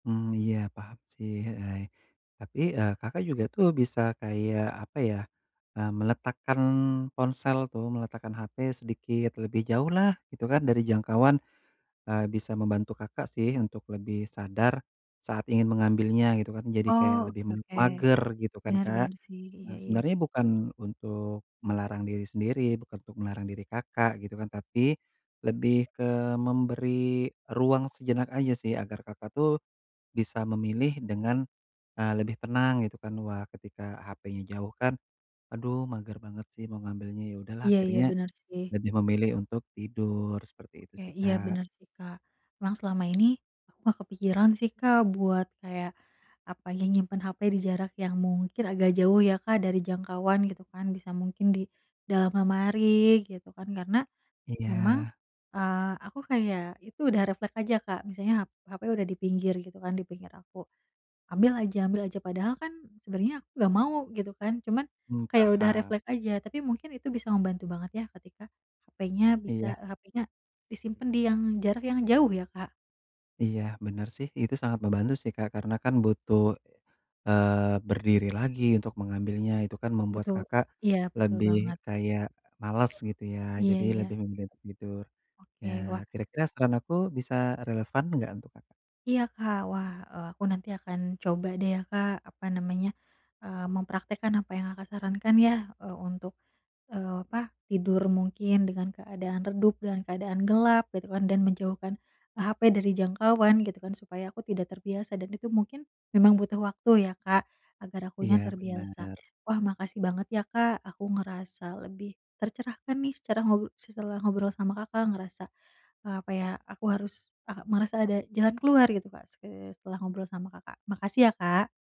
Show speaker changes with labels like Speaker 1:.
Speaker 1: Mmm. Iya paham sih, heeh. Tapi, e Kakak juga tuh bisa kayak, apa ya, e meletakkan ponsel tuh, meletakkan HP sedikit lebih jauhlah, gitu kan, dari jangkauan, e bisa membantu Kakak sih, untuk lebih sadar, saat ingin mengambilnya, gitu kan, jadi kayak
Speaker 2: Oh,
Speaker 1: lebih
Speaker 2: oke
Speaker 1: me
Speaker 2: oke.
Speaker 1: mager, gitu kan
Speaker 2: Benar
Speaker 1: Kak?
Speaker 2: benar sih. Iya
Speaker 1: Nah
Speaker 2: iya.
Speaker 1: sebenarnya bukan untuk melarang diri sendiri, bukan untuk melarang diri Kakak, gitu kan, tapi, lebih ke memberi ruang sejenak aja sih, agar Kakak tuh, bisa memilih dengan e lebih tenang gitu kan, wah, ketika hapenya jauh kan, "Aduh mager banget sih, mau ngambilnya. Ya udahlah
Speaker 2: Iya iya.
Speaker 1: akhirnya,
Speaker 2: Benar sih.
Speaker 1: lebih memilih untuk tidur." Seperti itu
Speaker 2: Oke.
Speaker 1: sih
Speaker 2: Iya
Speaker 1: Kak.
Speaker 2: benar sih Kak. Emang selama ini, aku nggak kepikiran sih Kak, buat kayak, apa, nyimpen HP di jarak yang mungkin agak jauh ya Kak, dari jangkauan gitu kan, bisa mungkin di dalam lemari gitu kan, karena, memang,
Speaker 1: Iya.
Speaker 2: eee, aku kayak itu udah refleks aja Kak. Misalnya hap hape udah dipinggir gitu kan, dipinggir aku. Ambil aja ambil aja padahal kan, sebenarnya aku nggak mau, gitu kan, cuman,
Speaker 1: Mmm,
Speaker 2: kayak udah
Speaker 1: paham.
Speaker 2: refleks aja, tapi mungkin itu bisa membantu banget ya, ketika, hapenya bisa
Speaker 1: Iya.
Speaker 2: hapenya disimpan di yang jarak yang jauh ya Kak?
Speaker 1: Iya, benar sih. Itu sangat membantu sih Kak. Karena kan butuh, eee, berdiri lagi untuk mengambilnya. Itu kan membuat
Speaker 2: Betu
Speaker 1: Kakak,
Speaker 2: iya, betul
Speaker 1: lebih,
Speaker 2: banget.
Speaker 1: kayak, males gitu ya?
Speaker 2: Iya
Speaker 1: Jadi
Speaker 2: iya.
Speaker 1: lebih memilih tidur. Ya,
Speaker 2: Oke, wah
Speaker 1: kira-kira saran aku bisa relevan enggak untuk Kakak?
Speaker 2: iya Kak. Wah, e aku nanti akan coba deh ya Kak, apa namanya, eee, mempraktekkan apa yang Kakak sarankan ya, eee, untuk, eee, apa, tidur mungkin dengan keadaan redup, dengan keadaan gelap, gitu kan. Dan menjauhkan, HP dari jangkauan gitu kan, supaya aku tidak terbiasa dan itu mungkin, memang butuh waktu ya Kak agar akunya
Speaker 1: Iya
Speaker 2: terbiasa.
Speaker 1: benar.
Speaker 2: Wah, makasih banget ya Kak. Aku ngerasa lebih tercerahkan nih, secara ngob setelah ngobrol sama Kakak ngerasa, apa ya, aku harus ah merasa ada jalan keluar gitu Kak. Se setelah ngobrol sama Kakak. Makasih ya Kak.